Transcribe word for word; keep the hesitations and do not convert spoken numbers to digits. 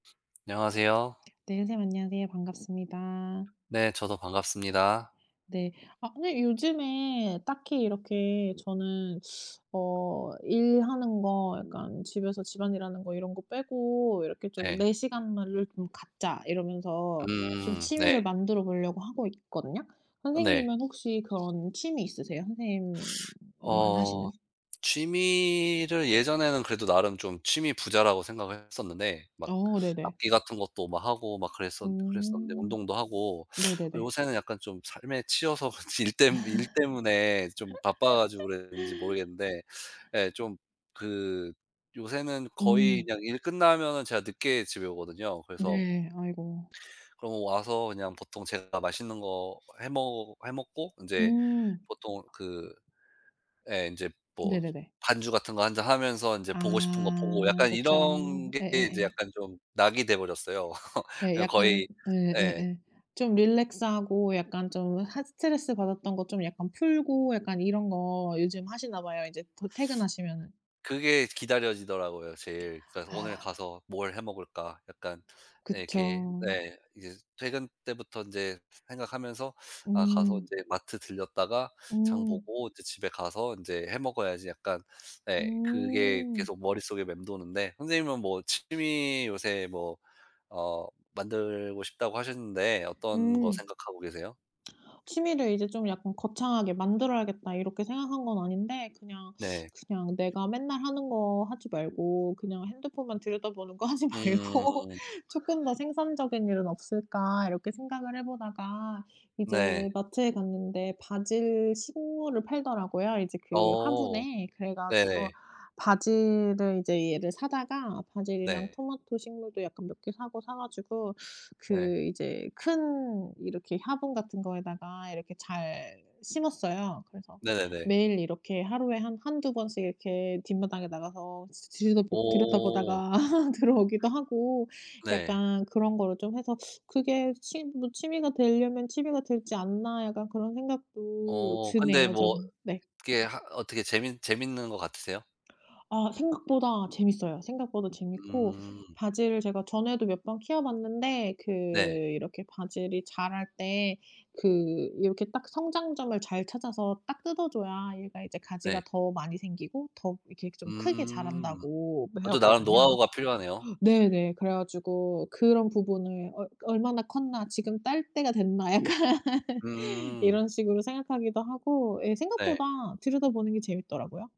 안녕하세요. 네 선생님 안녕하세요. 반갑습니다. 네. 저도 반갑습니다. 네. 아 근데 요즘에 딱히 이렇게 저는 어 일하는 거 약간 집에서 집안일하는 거 이런 거 빼고 이렇게 좀 네. '내 시간으 를 갖자.' 이러면서 좀 음 취미를 네. 만들어 보려고 하고 있거든요. 네. 선생님은 혹시 그런 취미 있으세요 선생님만 어 하시는? 취미를 예전에는 그래도 나름 좀 취미 부자라고 생각을 했었는데 막 어 네네. 악기 같은 것도 막 하고 막 그랬었 그랬었는데 음 운동도 하고 네네네. 요새는 약간 좀 삶에 치여서 일 때문 일 때문에 좀 바빠 가지고 그랬는지 모르겠는데 예 좀 그 요새는 거의 음. 그냥 일 끝나면은 제가 늦게 집에 오거든요. 그래서 네 아이고. 그럼 와서 그냥 보통 제가 맛있는 거 해먹 해먹고 인제 음. 보통 그 예 인제 뭐 네네네. 반주 같은 거 한 잔 하면서 인제 보고 싶은 거 보고 아 약간 그쵸. 이런 게 인제 예예예. 약간 좀 낙이 돼버렸어요. 네 약간 거의 예. 예예예. 좀 릴랙스하고 약간 좀 하 스트레스 받았던 거 좀 약간 풀고 약간 이런 거 요즘 하시나 봐요 이제 곧 퇴근하시면은. 그게 기다려지더라고요 제일. 그래서 '오늘 아. 가서 뭘 해먹을까.' 약간 이렇게 그쵸. 네. 이제 퇴근 때부터 인제 생각하면서 '아 가서 음. 인제 마트 들렸다가 장 음. 보고 인제 집에 가서 인제 해 먹어야지.' 약간 네 그게 음. 계속 머릿속에 맴도는데 선생님은 뭐 취미 요새 뭐 어 만들고 싶다고 하셨는데 어떤 거 음. 생각하고 계세요? '취미를 이제 좀 약간 거창하게 만들어야겠다.' 이렇게 생각한 건 아닌데 '그냥 네. 그냥 내가 맨날 하는 거 하지 말고 그냥 핸드폰만 들여다보는 거 하지 말고 음. 쪼끔 더 생산적인 일은 없을까?' 이렇게 생각을 해보다가 네. 이제 마트에 갔는데 바질 식물을 팔더라고요 이제 그 어 화분에. 그래 가지고 네네. 바질을 이제 얘를 사다가 바질이랑 네. 토마토 식물도 약간 몇 개 사고 사 가지고 네. 그 이제 큰 이렇게 화분 같은 거에다가 이렇게 잘 심었어요. 그래서 네네네. 매일 이렇게 하루에 한 한두 번씩 이렇게 뒷마당에 나가서 들여다보 오. 들여다보다가 들어오기도 하고 네. 약간 그런 거를 좀 해서 '그게 취 뭐 취미가 되려면 취미가 되지 않나.' 약간 그런 생각도 어 근데 드네요 뭐 저는. 네. 그게 하 어떻게 재밌 재밌는 것 같으세요? 아 생각보다 재밌어요. 생각보다 재밌고 음. 바질을 제가 전에도 몇 번 키워봤는데 그 네. 이렇게 바질이 자랄 때 그 이렇게 딱 성장점을 잘 찾아서 딱 뜯어줘야 얘가 이제 가지가 네. 더 많이 생기고 더 이렇게 좀 크게 음. 자란다고 그것도 나름 배웠거든요. 노하우가 필요하네요. 네네. 그래 가지고 그런 부분을 '어 얼마나 컸나. 지금 딸 때가 됐나.' 약간 음. 이런 식으로 생각하기도 하고 예. 네. 생각보다 들여다보는 게 재밌더라고요.